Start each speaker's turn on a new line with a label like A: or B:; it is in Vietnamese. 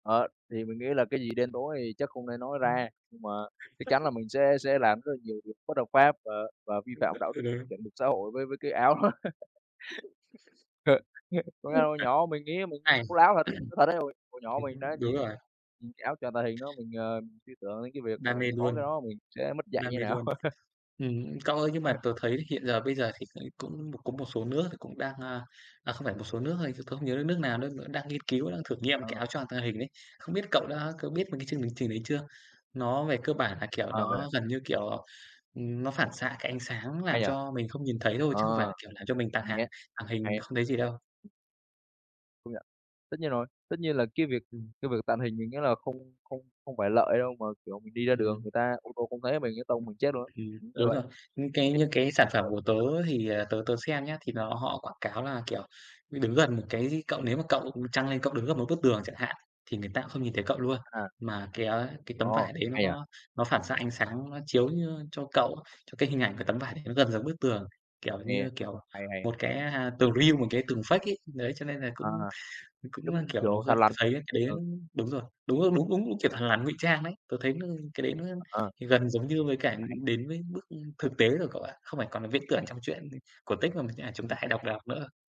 A: Đó, thì mình nghĩ là cái gì đen tối thì chắc không nên nói
B: Ừm.
A: ra, nhưng mà chắc chắn là mình sẽ sẽ làm rất là nhiều việc bất hợp pháp và và vi
B: [unintelligible]
A: phạm đạo đức
B: thật á?
A: chuẩn mực xã hội với với cái áo đó. Có nghĩa là
B: Ừm,
A: hồi
B: thật.
A: nhỏ mình nghĩ mình
B: Hay.
A: bố láo thật, thật đấy hồi hồi nhỏ
B: Ưm,
A: mình đã
B: đúng
A: nhìn
B: rồi.
A: nhìn cái áo choàng tàng hình đó mình, ờ, liên tưởng đến cái việc mà
B: Đam
A: mình
B: mê
A: có cái
B: luôn,
A: đó mình sẽ mất dạy
B: đam
A: như
B: mê
A: nào.
B: luôn. Ừm, cậu ơi, nhưng
A: Ờ.
B: mà tớ thấy hiện giờ bây giờ thì cũng cũng có một số nước thì cũng đang, à à, không phải một số nước thôi chứ tớ không nhớ được nước nào, nước đó đang nghiên cứu, đang thử nghiệm cái
A: Ờ.
B: áo choàng tàng hình đấy. Không biết cậu
A: Uầy.
B: đã cậu biết mấy cái chương hình trình đấy chưa? Nó về cơ bản là, kiểu,
A: Ờ, vậy à?
B: nó gần như kiểu nó, ừm, nó phản xạ cái ánh sáng
A: Hay
B: làm
A: nhỉ?
B: cho mình không nhìn thấy thôi, chứ không phải
A: Ờ,
B: là, kiểu, làm cho mình tàng
A: hay
B: hàng
A: á,
B: tàng hình
A: hay.
B: không thấy gì đâu.
A: Công nhận, tất nhiên rồi, tất nhiên là cái việc
B: Ừm.
A: cái việc tàng hình mình nghĩ là không không không phải lợi đâu, mà, kiểu, mình đi ra đường
B: Ừm.
A: người ta ô tô không thấy mình cái tông mình chết luôn á.
B: Ừm,
A: Ừm, là
B: đúng
A: vậy,
B: rồi.
A: thì
B: Những cái những cái sản phẩm của tớ
A: ờ [unintelligible]
B: thì, ờ, tớ tớ xem nhá, thì nó họ quảng cáo là, kiểu, đứng gần một cái gì cậu nếu mà cậu, ừm, chăng lên cậu đứng gần một bức tường chẳng hạn, thì người ta không nhìn thấy cậu luôn.
A: À.
B: Mà cái, á, cái tấm
A: Ồ,
B: vải đấy nó
A: hay nhỉ?
B: có nó phản xạ ánh sáng, nó chiếu như cho cậu cho cái hình ảnh của tấm vải đấy nó gần giống bức tường, kiểu
A: Hay ha?
B: như, kiểu,
A: Hay, hay.
B: một cái, à, tường real một cái tường fake ấy. Đấy, cho nên là cũng
A: À,
B: thì cũng là,
A: giống
B: kiểu, nó
A: kiểu
B: gần
A: thằn
B: tớ
A: lằn.
B: thấy á cái đấy
A: Ừ.
B: đúng rồi, đúng rồi, đúng đúng đúng kiểu thằn lằn ngụy trang đấy, tớ thấy nó cái đấy nó
A: Ờ.
B: thì gần giống như với cả
A: [unintelligible]
B: đến với bước thực tế rồi cậu ạ. Không phải còn là viễn tưởng trong truyện cổ tích mà mấy, à, chúng ta hay
A: Ừm.
B: đọc đọc nữa.